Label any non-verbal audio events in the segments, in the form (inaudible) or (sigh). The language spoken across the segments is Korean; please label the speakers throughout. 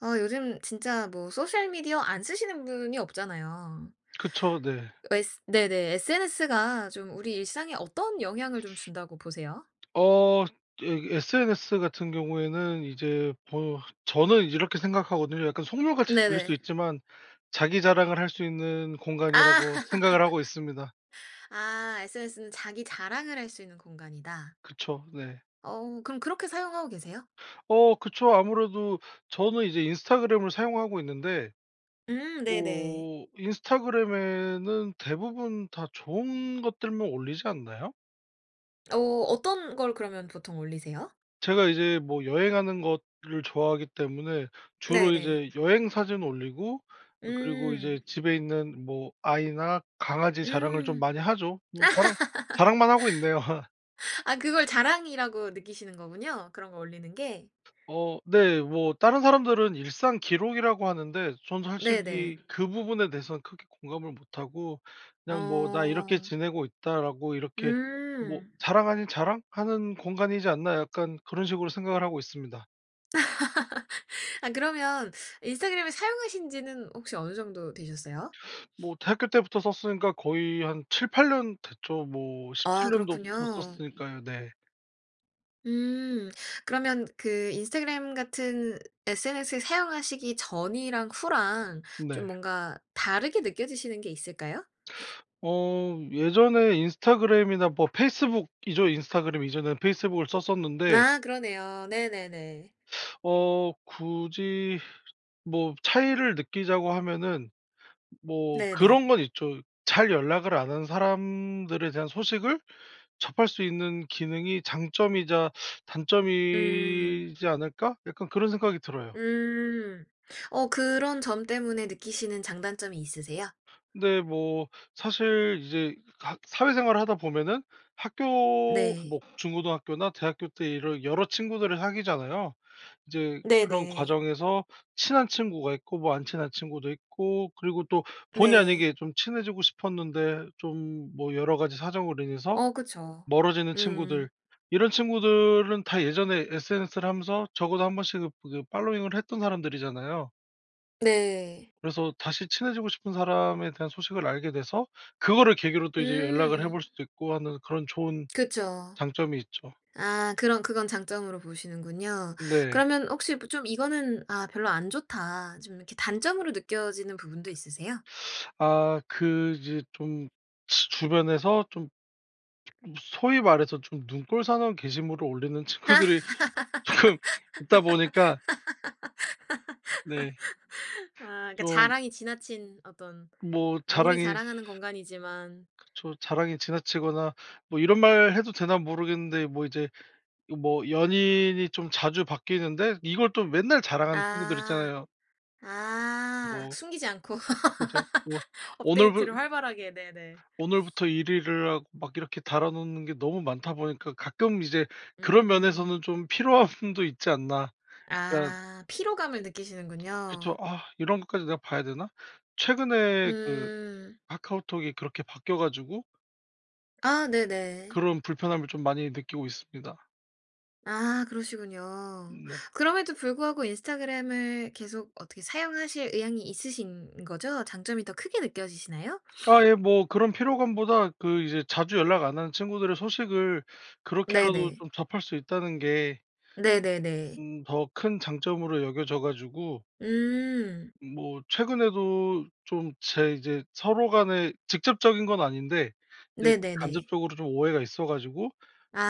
Speaker 1: 아 요즘 진짜 뭐 소셜 미디어 안 쓰시는 분이 없잖아요.
Speaker 2: 그쵸. 네.
Speaker 1: 어 에스 네네. SNS가 좀 우리 일상에 어떤 영향을 좀 준다고 보세요?
Speaker 2: (sucks teeth) (smacks lips) 어. 예. SNS 같은 경우에는 이제 보여 저는 이렇게 생각하거든요. 약간 속물같이 들릴 수
Speaker 1: 네네.
Speaker 2: 있지만 '자기 자랑을 할 수 있는
Speaker 1: 아!
Speaker 2: 공간.'이라고 생각을 하고 있습니다.
Speaker 1: (laughs) 아 "SNS는 자기 자랑을 할 수 있는 공간이다."
Speaker 2: 그쵸. 네.
Speaker 1: 어우 그럼 그렇게 사용하고 계세요?
Speaker 2: 어 그쵸. 아무래도 저는 이제 인스타그램을 사용하고 있는데
Speaker 1: 음. 네네.
Speaker 2: 어 인스타그램에는 대부분 다 좋은 것들만 올리지 않나요?
Speaker 1: 어 어떤 걸 그러면 보통 올리세요?
Speaker 2: 제가 이제 뭐 여행하는 것 를 좋아하기 때문에 주로
Speaker 1: 네네.
Speaker 2: 이제 여행 사진 올리고 그 그리고 이제
Speaker 1: 음.
Speaker 2: 집에 있는 뭐 아이나 강아지 자랑을 좀
Speaker 1: 음.
Speaker 2: 많이 하죠. 뭐 자랑, 자랑만 하고 있네요. (laughs)
Speaker 1: (laughs) 아 그걸 자랑이라고 느끼시는 거군요? 그런 거 올리는 게?
Speaker 2: 어. 네. 뭐 다른 사람들은 일상 기록이라고 하는데 전
Speaker 1: 네네.
Speaker 2: 솔직히 그 부분에 대해서는 크게 공감을 못하고 그냥 뭐 '"나 이렇게
Speaker 1: 어.
Speaker 2: 지내고 있다."라고 이렇게 뭐
Speaker 1: 음.
Speaker 2: 자랑 아닌 자랑? 하는 공간이지 않나?' 약간 그런 식으로 생각을 하고 있습니다.
Speaker 1: (laughs) 아 그러면 인스타그램을 사용하신 지는 혹시 어느 정도 되셨어요?
Speaker 2: 뭐 대학교 때부터 썼으니까 거의 한 7-8 년 됐죠. 뭐
Speaker 1: 아
Speaker 2: 17 년도부터
Speaker 1: 그렇군요.
Speaker 2: 썼으니까요 네.
Speaker 1: 음 그러면 그 인스타그램 같은 SNS 사용하시기 전이랑 후랑
Speaker 2: 네.
Speaker 1: 좀 뭔가 다르게 느껴지시는 게 있을까요? (sniffs)
Speaker 2: 어 예전에 인스타그램이나 뭐 페이스북이죠? 인스타그램 이전에는 페이스북을 썼었는데
Speaker 1: 아 그러네요. 네네네.
Speaker 2: 어 굳이 뭐 차이를 느끼자고 하면은 뭐
Speaker 1: 네네.
Speaker 2: 그런 건 있죠. '잘 연락을 안 한 사람들에 대한 소식을 접할 수 있는 기능이 장점이자
Speaker 1: 음.
Speaker 2: 단점이지 않을까?' 약간 그런 생각이 들어요.
Speaker 1: 음 어 그런 점 때문에 느끼시는 장단점이 있으세요?
Speaker 2: 근데 뭐 사실 이제 각 사회생활을 하다 보면은 학교
Speaker 1: 네.
Speaker 2: 뭐 중고등학교나 대학교 때 이런 여러 친구들을 사귀잖아요. 이제 그런
Speaker 1: 네네.
Speaker 2: 과정에서 친한 친구가 있고 뭐 안 친한 친구도 있고 그리고 또 본의
Speaker 1: 네.
Speaker 2: 아니게 좀 친해지고 싶었는데 좀 뭐 여러 가지 사정으로 인해서
Speaker 1: 어 그쵸.
Speaker 2: 멀어지는
Speaker 1: 음.
Speaker 2: 친구들, 이런 친구들은 다 예전에 SNS를 하면서 적어도 1 번씩은 그게 팔로잉을 했던 사람들이잖아요.
Speaker 1: 네.
Speaker 2: 그래서 다시 친해지고 싶은 사람에 대한 소식을 알게 돼서 그거를 계기로 또 이제 연락을 해
Speaker 1: 음.
Speaker 2: 볼 수도 있고 하는 그런 좋은
Speaker 1: 그쵸.
Speaker 2: 장점이 있죠.
Speaker 1: 아 그럼 그건 장점으로 보시는군요.
Speaker 2: 네.
Speaker 1: 그러면 혹시 뭐 좀 이거는 '아 별로 안 좋다.' 좀 이렇게 단점으로 느껴지는 부분도 있으세요?
Speaker 2: (sucks teeth) 아 그 이제 좀 치 주변에서 좀 무슨 소위 말해서 좀 눈꼴사나운 게시물을 올리는 친구들이 조금 있다 보니까. 네.
Speaker 1: (laughs) 아 그러니까
Speaker 2: 좀.
Speaker 1: 자랑이 지나친 어떤
Speaker 2: 뭐
Speaker 1: 아무리
Speaker 2: 자랑이
Speaker 1: 자랑하는 공간이지만
Speaker 2: 그쵸. 자랑이 지나치거나 뭐 이런 말 해도 되나 모르겠는데 뭐 이제 이 뭐 연인이 좀 자주 바뀌는데 이걸 또 맨날 자랑하는 친구들
Speaker 1: 아
Speaker 2: 있잖아요.
Speaker 1: 아
Speaker 2: 뭐
Speaker 1: 숨기지 않고
Speaker 2: 그죠. 뭐
Speaker 1: (laughs)
Speaker 2: 오늘부
Speaker 1: 업데이트를 활발하게 네네.
Speaker 2: 오늘부터 1 일을 하고 막 이렇게 달아 놓는 게 너무 많다 보니까 가끔 이제 그런
Speaker 1: 음.
Speaker 2: 면에서는 좀 피로함도 있지 않나 그런
Speaker 1: 아 피로감을
Speaker 2: 그쵸.
Speaker 1: 느끼시는군요.
Speaker 2: '아 이런 것까지 내가 봐야 되나?' 최근에 그
Speaker 1: 음.
Speaker 2: 카카오톡이 그렇게 바뀌어 가지고
Speaker 1: 아 네네.
Speaker 2: 그런 불편함을 좀 많이 느끼고 있습니다.
Speaker 1: 아 그러시군요.
Speaker 2: 네.
Speaker 1: 그럼에도 불구하고 인스타그램을 계속 어떻게 사용하실 의향이 있으신 거죠? 장점이 더 크게 느껴지시나요?
Speaker 2: 아 예.
Speaker 1: (sniffs)
Speaker 2: 뭐 그런 피로감보다 그 이제 자주 연락 안 하는 친구들의 소식을 그렇게라도
Speaker 1: 네네.
Speaker 2: 좀 접할 수 있다는 게
Speaker 1: 네네네.
Speaker 2: 음 더 큰 장점으로 여겨져 가지고
Speaker 1: 음.
Speaker 2: 뭐 최근에도 좀 제 이제 서로 간에 직접적인 건 아닌데 이제
Speaker 1: 네네네.
Speaker 2: 간접적으로 좀 오해가 있어 가지고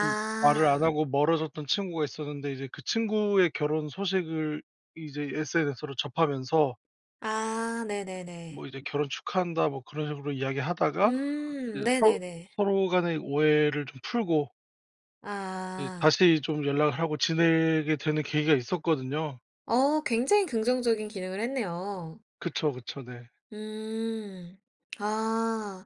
Speaker 2: 좀 말을 안 하고 멀어졌던 친구가 있었는데 이제 그 친구의 결혼 소식을 이제 SNS로 접하면서
Speaker 1: 아. 네네네.
Speaker 2: 뭐 이제 "결혼 축하한다." 뭐 그런 식으로 이야기하다가
Speaker 1: 음.
Speaker 2: 이제 서로
Speaker 1: 네네네.
Speaker 2: 서로 간의 오해를 좀 풀고 그
Speaker 1: 아.
Speaker 2: 다시 좀 연락을 하고 지내게 되는 계기가 있었거든요.
Speaker 1: 어. 굉장히 긍정적인 기능을 했네요.
Speaker 2: 그쵸, 그쵸. 네.
Speaker 1: 음. 아.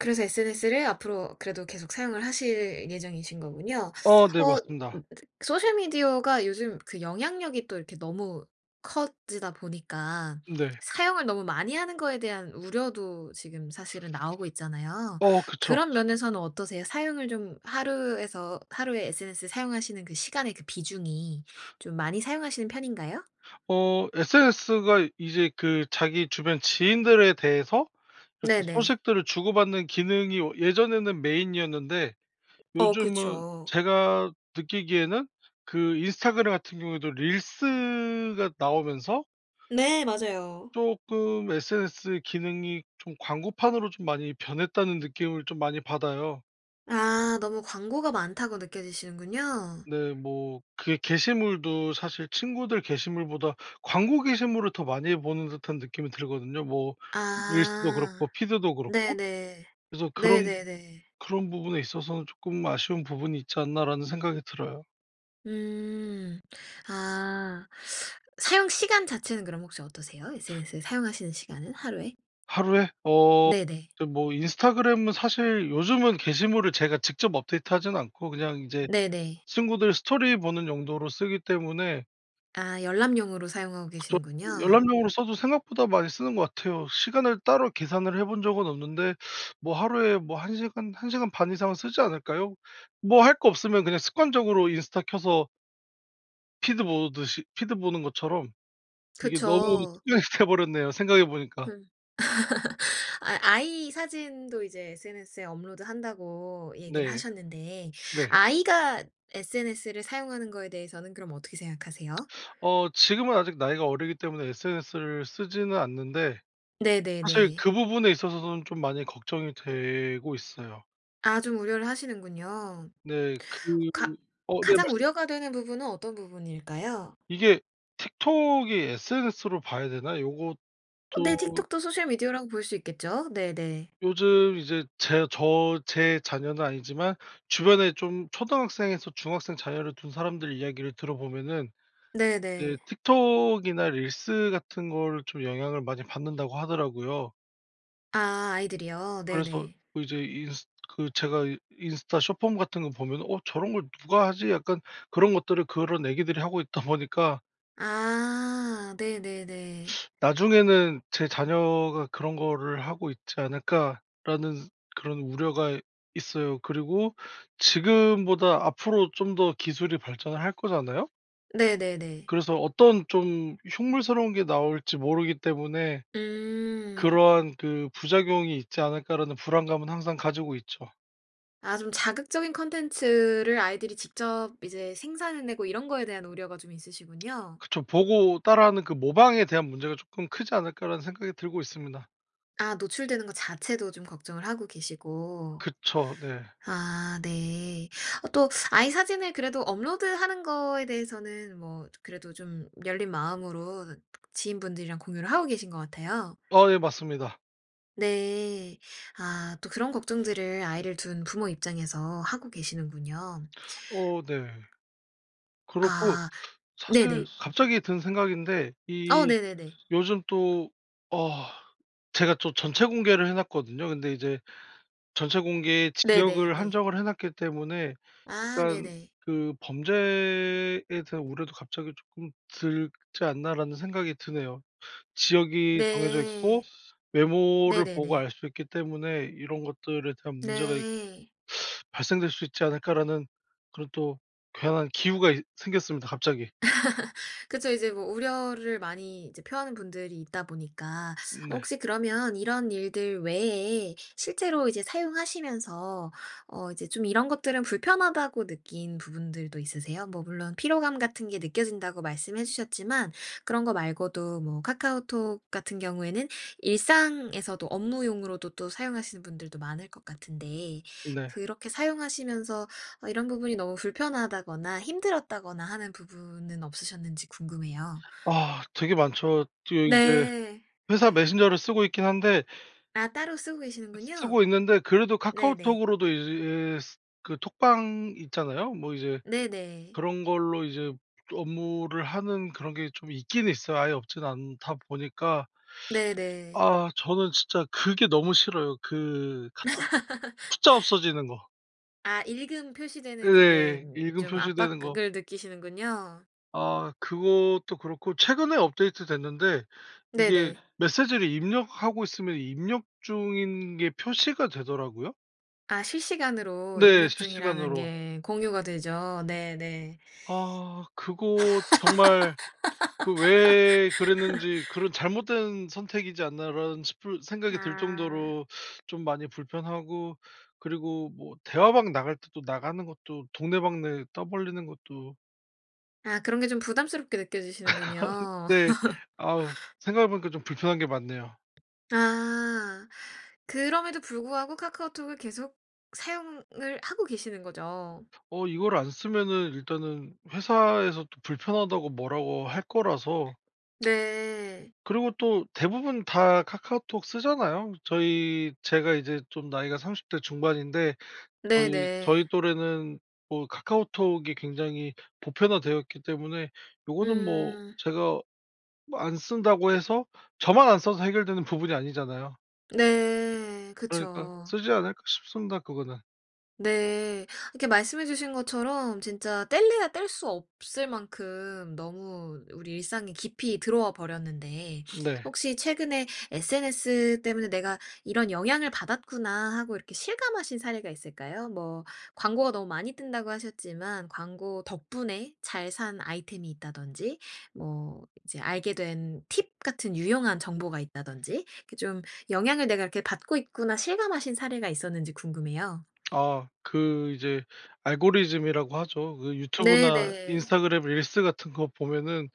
Speaker 1: 그래서 SNS를 앞으로 그래도 계속 사용을 하실 예정이신 거군요.
Speaker 2: 아 네.
Speaker 1: 엇
Speaker 2: 맞습니다.
Speaker 1: 소셜 미디어가 요즘 그 영향력이 또 이렇게 너무 커지다 보니까
Speaker 2: 네.
Speaker 1: 사용을 너무 많이 하는 거에 대한 우려도 지금 사실은 나오고 있잖아요.
Speaker 2: 어 그쵸.
Speaker 1: 그런 면에서는 어떠세요? 사용을 좀 하루에서 하루에 SNS 사용하시는 그 시간의 그 비중이 좀 많이 사용하시는 편인가요?
Speaker 2: 어. SNS가 이 이제 그 자기 주변 지인들에 대해서 이렇게
Speaker 1: 네네.
Speaker 2: 소식들을 주고받는 기능이 어 예전에는 메인이었는데
Speaker 1: 어
Speaker 2: 요즘은
Speaker 1: 그쵸.
Speaker 2: 제가 느끼기에는 그 인스타그램 같은 경우에도 릴스가 나오면서
Speaker 1: 네 맞아요.
Speaker 2: 쪼끔 'SNS 기능이 좀 광고판으로 좀 많이 변했다.'는 느낌을 좀 많이 받아요.
Speaker 1: 아 너무 광고가 많다고 느껴지시는군요.
Speaker 2: 네. 뭐 그게 게시물도 사실 친구들 게시물보다 광고 게시물을 더 많이 보는 듯한 느낌이 들거든요 뭐 릴스도
Speaker 1: 아.
Speaker 2: 그렇고 피드도 그렇고.
Speaker 1: 네네.
Speaker 2: 그래서 '그런
Speaker 1: 네네네.
Speaker 2: 그런 부분에 있어서는 쪼끔 아쉬운 부분이 있지 않나.'라는 생각이 들어요.
Speaker 1: 음. 아. 사용 시간 자체는 그럼 혹시 어떠세요? SNS에 사용하시는 시간은 하루에?
Speaker 2: 하루에? 어
Speaker 1: 네네.
Speaker 2: 저 뭐 인스타그램은 사실 요즘은 게시물을 제가 직접 업데이트하지는 않고 그냥 이제
Speaker 1: 네네.
Speaker 2: 친구들 스토리 보는 용도로 쓰기 때문에
Speaker 1: 아 열람용으로 사용하고
Speaker 2: 그쵸.
Speaker 1: 계시는군요.
Speaker 2: 열람용으로 써도 생각보다 많이 쓰는 것 같아요. 시간을 따로 계산을 해 본 적은 없는데 뭐 하루에 뭐 1 시간, 1 시간 반 이상은 쓰지 않을까요? 뭐 할 거 없으면 그냥 습관적으로 인스타 켜서 피드 보듯이 피드 보는 것처럼 이게 너무
Speaker 1: 그쵸.
Speaker 2: 습관이 돼 버렸네요 생각해 보니까.
Speaker 1: 흠. (laughs) 아이 아이 사진도 이제 SNS에 업로드한다고 얘기를
Speaker 2: 네.
Speaker 1: 하셨는데
Speaker 2: 네.
Speaker 1: 아이가 SNS를 사용하는 거에 대해서는 그럼 어떻게 생각하세요?
Speaker 2: (smacks lips) 어 지금은 아직 나이가 어리기 때문에 SNS를 쓰지는 않는데 사실
Speaker 1: 네네네.
Speaker 2: 그 부분에 있어서선 좀 많이 걱정이 되고 있어요.
Speaker 1: 아 좀 우려를 하시는군요.
Speaker 2: 네. 그
Speaker 1: 가
Speaker 2: 어 네,
Speaker 1: 가장
Speaker 2: 말씀하세요.
Speaker 1: 우려가 되는 부분은 어떤 부분일까요?
Speaker 2: 이게 틱톡이 sns로 봐야 되나
Speaker 1: 어 네,
Speaker 2: 요것도
Speaker 1: 틱톡도 소셜미디어라고 볼 수 있겠죠? 네네.
Speaker 2: 요즘 이제 제 저 제 자녀는 아니지만 주변에 좀 초등학생에서 중학생 자녀를 둔 사람들의 이야기를 들어보면은 네,
Speaker 1: 네네.
Speaker 2: "틱톡이나 릴스 같은 거를 좀 영향을 많이 받는다."고 하더라고요.
Speaker 1: 아, 아이들이요?
Speaker 2: 그래서
Speaker 1: 네네.
Speaker 2: 그 이제 인스 그 제가 이 인스타 숏폼 같은 거 보면은 '어 저런 걸 누가 하지?' 약간 그런 것들을 그런 아기들이 하고 있다 보니까.
Speaker 1: 아. 네네네.
Speaker 2: (sucks teeth) '나중에는 제 자녀가 그런 거를 하고 있지 않을까.'라는 그런 우려가 있어요. 그리고 지금보다 앞으로 좀 더 기술이 발전을 할 거잖아요?
Speaker 1: 네네네.
Speaker 2: 그래서 어떤 좀 흉물스러운 게 나올지 모르기 때문에
Speaker 1: 음.
Speaker 2: 그러한 그 '부작용이 있지 않을까?'라는 불안감은 항상 가지고 있죠.
Speaker 1: 아 좀 자극적인 콘텐츠를 아이들이 직접 이제 생산해 내고 이런 거에 대한 우려가 좀
Speaker 2: (smacks lips)
Speaker 1: 있으시군요.
Speaker 2: 그쵸. '보고 따라 하는 그 모방에 대한 문제가 쪼끔 크지 않을까?'라는 생각이 들고 있습니다.
Speaker 1: 아 노출되는 거 자체도 좀 걱정을 하고 계시고.
Speaker 2: 그쵸. 네.
Speaker 1: 아 네. 어 또 아이 사진을 그래도 업로드하는 거에 대해서는 뭐 조 그래도 좀 열린 마음으로 지인분들이랑 공유를 하고 계신 것 같아요.
Speaker 2: 아 예 맞습니다.
Speaker 1: 네. 아 또 그런 걱정들을 아이를 둔 부모 입장에서 하고 계시는군요.
Speaker 2: 어 네. 그렇고
Speaker 1: 아.
Speaker 2: 사실
Speaker 1: 네네.
Speaker 2: 갑자기 든 생각인데
Speaker 1: 어
Speaker 2: 이
Speaker 1: 네네네.
Speaker 2: 요즘 또 아 제가 또 전체 공개를 해 놨거든요. 근데 이제 '전체 공개
Speaker 1: 네네
Speaker 2: 지역을
Speaker 1: 네.
Speaker 2: 한정을 해 놨기 때문에
Speaker 1: 아
Speaker 2: 일단
Speaker 1: 네네.
Speaker 2: 그 범죄에 대한 우려도 갑자기 쪼끔 들지 않나?'라는 생각이 드네요. 지역이 정해져 있고
Speaker 1: 네.
Speaker 2: 메모를 보고
Speaker 1: 네네네.
Speaker 2: 알 수 있기 때문에 '이런 것들에 대한 문제가 있
Speaker 1: 네.
Speaker 2: (sucks teeth) 발생될 수 있지 않을까?'라는 그런 또 괜한 기우가 있 생겼습니다 갑자기.
Speaker 1: (laughs) 그쵸. 이제 뭐 우려를 많이 이제 표하는 분들이 있다 보니까
Speaker 2: 네.
Speaker 1: 혹시 그러면 이런 일들 외에 실제로 이제 사용하시면서 어 이제 좀 '이런 것들은 좀 불편하다.'고 느낀 부분들도 있으세요? 뭐 물론 "피로감 같은 게 느껴진다."고 말씀해 주셨지만 그런 거 말고도 뭐 카카오톡 같은 경우에는 일상에서도 업무용으로도 또 사용하시는 분들도 많을 것 같은데
Speaker 2: 네.
Speaker 1: 그렇게 사용하시면서 어 이런 부분이 너무 불편하다거나 힘들었다거나 하는 부분은 없으셨는지 궁금해요.
Speaker 2: 아 되게 많죠. 또 이제
Speaker 1: 네.
Speaker 2: 회사 메신저를 쓰고 있긴 한데
Speaker 1: 아 따로 쓰고 계시는군요.
Speaker 2: 쓰고 있는데 그래도
Speaker 1: 네네.
Speaker 2: 카카오톡으로도 이제 스 그 톡방 있잖아요. 뭐 이제
Speaker 1: 네네.
Speaker 2: 그런 걸로 이제 업무를 하는 그런 게 좀 있긴 있어요. 아예 없진 않다 보니까
Speaker 1: 네네.
Speaker 2: 아 저는 진짜 그게 너무 싫어요 그 카톡 숫자
Speaker 1: (laughs)
Speaker 2: 없어지는 거.
Speaker 1: 아 읽음 표시되는 그게
Speaker 2: 예. 읽음
Speaker 1: 좀 압박
Speaker 2: 표시되는
Speaker 1: 그
Speaker 2: 거.
Speaker 1: 을 느끼시는군요.
Speaker 2: 아 그것도 그렇고 최근에 업데이트됐는데 이게
Speaker 1: 네네.
Speaker 2: 메시지를 입력하고 있으면 입력 중인 게 표시가 되더라고요?
Speaker 1: 아 실시간으로
Speaker 2: 네.
Speaker 1: 입력 중이라는
Speaker 2: 실시간으로.
Speaker 1: 게 공유가 되죠. 네네.
Speaker 2: 아 그거 정말 그 왜 그랬는지, 그런
Speaker 1: (laughs)
Speaker 2: '잘못된 선택이지 않나.'라는 싶은 생각이 들
Speaker 1: 아.
Speaker 2: 정도로 좀 많이 불편하고 그리고 뭐 대화방 나갈 때도 나가는 것도 동네방네 떠벌리는 것도
Speaker 1: 아 그런 게 좀 부담스럽게
Speaker 2: (laughs)
Speaker 1: 느껴지시는군요.
Speaker 2: 네. 아으
Speaker 1: (laughs)
Speaker 2: 생각해 보니까 좀 불편한 게 많네요.
Speaker 1: 아. 그럼에도 불구하고 카카오톡을 계속 사용을 하고 계시는 거죠?
Speaker 2: 어 이걸 안 쓰면은 일단은 회사에서도 "불편하다."고 뭐라고 할 거라서.
Speaker 1: 네.
Speaker 2: (tsk) 그리고 또 대부분 다 카카오톡 쓰잖아요. 저희 제가 이제 좀 나이가 30 대 중반인데 저희
Speaker 1: 네네.
Speaker 2: 저희 또래는 뭐 카카오톡이 굉장히 보편화되어 있기 때문에 요거는 뭐
Speaker 1: 음.
Speaker 2: 제가 뭐 안 쓴다고 해서 저만 안 써서 해결되는 부분이 아니잖아요.
Speaker 1: 네.
Speaker 2: 그러니까
Speaker 1: 그쵸.
Speaker 2: 쓰지 않을까 싶습니다 그거는.
Speaker 1: 네. 이렇게 말씀해 주신 것처럼 진짜 뗄래야 뗄 수 없을 만큼 너무 우리 일상에 깊이 들어와 버렸는데
Speaker 2: 네.
Speaker 1: 혹시 최근에 'SNS 때문에 내가 이런 영향을 받았구나.' 하고 이렇게 실감하신 사례가 있을까요? 뭐 광고가 너무 많이 뜬다고 하셨지만 광고 덕분에 잘 산 아이템이 있다든지 뭐 이제 알게 된 팁 같은 유용한 정보가 있다든지 이렇게 좀 '영향을 내가 이렇게 받고 있구나.' 실감하신 사례가 있었는지 궁금해요.
Speaker 2: (smacks lips) 아. 그 이제 알고리즘이라고 하죠. 그 유튜브나
Speaker 1: 네네.
Speaker 2: 인스타그램 릴스 같은 거 보면은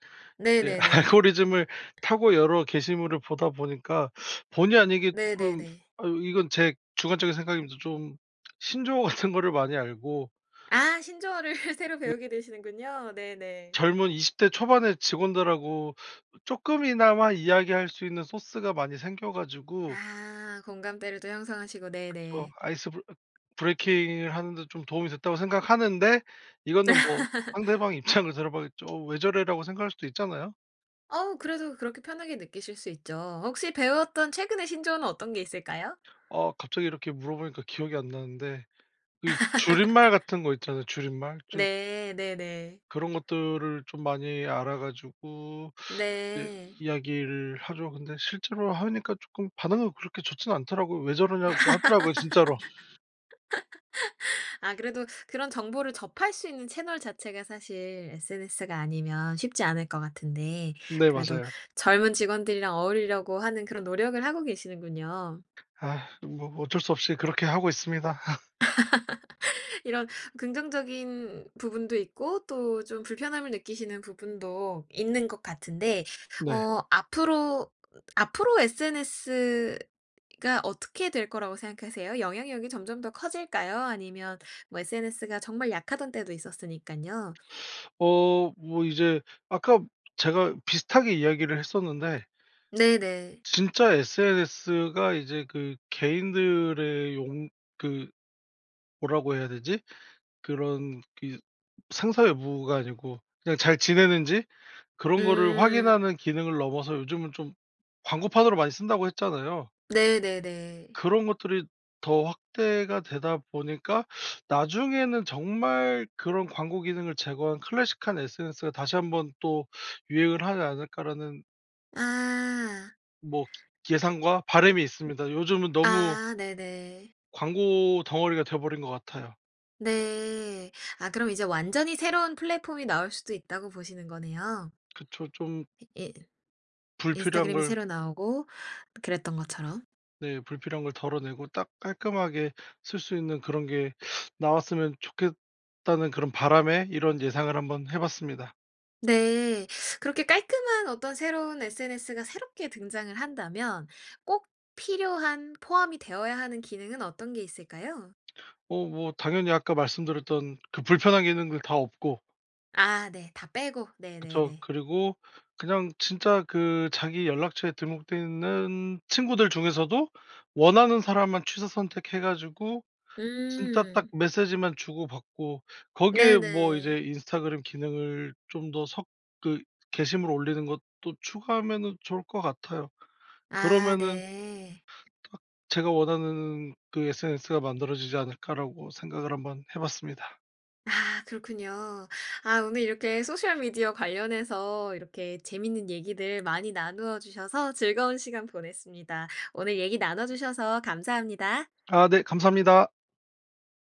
Speaker 2: 예
Speaker 1: 네네네.
Speaker 2: 알고리즘을 타고 여러 게시물을 보다 보니까 (sucks teeth) 본의 아니게 쪼끔
Speaker 1: 네네네.
Speaker 2: 아유 이건 제 주관적인 생각입니다. 좀 (smacks lips) 신조어 같은 거를 많이 알고
Speaker 1: 아 신조어를 (laughs) 새로
Speaker 2: 네.
Speaker 1: 배우게 되시는군요. 네네.
Speaker 2: 젊은 20 대 초반의 직원들하고 쪼끔이나마 이야기할 수 있는 소스가 많이 생겨 가지고
Speaker 1: 아. 공감대를 또 형성하시고
Speaker 2: 그쵸.
Speaker 1: 네네.
Speaker 2: 아이스 브 어 브레이킹을 하는 데 좀 도움이 됐다고 생각하는데 이거는 뭐 상대방
Speaker 1: (laughs)
Speaker 2: 입장을 들어 봐야겠죠. '어 왜 저래?'라고 생각할 수도 있잖아요?
Speaker 1: 어우 그래도 그렇게 편하게 느끼실 수 있죠. 혹시 배웠던 최근의 신조어는 어떤 게 있을까요?
Speaker 2: 아 갑자기 이렇게 물어보니까 기억이 안 나는데 그 줄임말
Speaker 1: (laughs)
Speaker 2: 같은 거 있잖아요. 줄임말 쭐
Speaker 1: 네. 네네.
Speaker 2: 그런 것들을 좀 많이 알아 가지고 이제
Speaker 1: 네.
Speaker 2: 이야기를 하죠. 근데 실제로 하니까 쪼끔 반응은 그렇게 좋진 않더라고요. "왜 저러냐?"고 하더라고요. 진짜로.
Speaker 1: (laughs) 아 그래도 그런 정보를 접할 수 있는 채널 자체가 사실 SNS가 아니면 쉽지 않을 것 같은데
Speaker 2: 네.
Speaker 1: 그래도
Speaker 2: 맞아요.
Speaker 1: 젊은 직원들이랑 어울리려고 하는 그런 노력을 하고 계시는군요.
Speaker 2: (sighs) 뭐 뭐 어쩔 수 없이 그렇게 하고 있습니다. (laughs)
Speaker 1: (laughs) 이런 긍정적인 부분도 있고 또 좀 불편함을 느끼시는 부분도 있는 것 같은데
Speaker 2: 네.
Speaker 1: 어 앞으로 앞으로 SNS가 어떻게 될 거라고 생각하세요? 영향력이 점점 더 커질까요? 아니면 뭐 SNS가 정말 약하던 때도 있었으니깐요.
Speaker 2: (sucks teeth) 어. 뭐 이제 아까 제가 비슷하게 이야기를 했었는데
Speaker 1: 네네.
Speaker 2: 진짜 SNS가 이제 그 개인들의 용 그 뭐라고 해야 되지? 그런 이 생사 여부가 아니고 그냥 잘 지내는지 그런 거를
Speaker 1: 음.
Speaker 2: 확인하는 기능을 넘어서 "요즘은 좀 광고판으로 많이 쓴다."고 했잖아요.
Speaker 1: 네네네.
Speaker 2: 그런 것들이 더 확대가 되다 보니까 나중에는 정말 그런 '광고 기능을 제거한 클래식한 SNS가 다시 한번 또 유행을 하지 않을까.'라는
Speaker 1: 아.
Speaker 2: 뭐 예상과 바람이 있습니다. 요즘은 너무
Speaker 1: 아 네네.
Speaker 2: 광고 덩어리가 돼 버린 것 같아요.
Speaker 1: 네. 아 그럼 이제 완전히 새로운 플랫폼이 나올 수도 있다고 보시는 거네요.
Speaker 2: 그쵸. 좀
Speaker 1: 이 인
Speaker 2: 불필요한
Speaker 1: 인스타그램이
Speaker 2: 걸
Speaker 1: 새로 나오고 그랬던 것처럼?
Speaker 2: 네. "불필요한 걸 덜어내고 딱 깔끔하게 쓸 수 있는 그런 게 나왔으면 좋겠다."는 그런 바람에 이런 예상을 한번 해 봤습니다.
Speaker 1: 네. 그렇게 깔끔한 어떤 새로운 SNS가 새롭게 등장을 한다면 꼭 필요한 포함이 되어야 하는 기능은 어떤 게 있을까요?
Speaker 2: 어 뭐 당연히 아까 말씀드렸던 그 불편한 기능들 다 없고
Speaker 1: 아 네. 다 빼고.
Speaker 2: 그쵸.
Speaker 1: 네네네.
Speaker 2: 그리고 그냥 진짜 그 자기 연락처에 등록돼 있는 친구들 중에서도 원하는 사람만 취사선택해 가지고 진짜 딱
Speaker 1: 음.
Speaker 2: 메시지만 주고받고 거기에 뭐 이제
Speaker 1: 네네.
Speaker 2: 인스타그램 기능을 좀 더 섞으 게시물을 올리는 것도 추가하면은 좋을 것 같아요.
Speaker 1: 아
Speaker 2: '그러면은'
Speaker 1: 네.
Speaker 2: '딱 제가 원하는 그 SNS가 만들어지지 않을까?'라고 생각을 한번 해 봤습니다.
Speaker 1: 아 그렇군요. 아 오늘 이렇게 소셜 미디어 관련해서 이렇게 재밌는 얘기들 많이 나누어 주셔서 즐거운 시간 보냈습니다. 오늘 얘기 나눠 주셔서 감사합니다.
Speaker 2: 아 네. 감사합니다.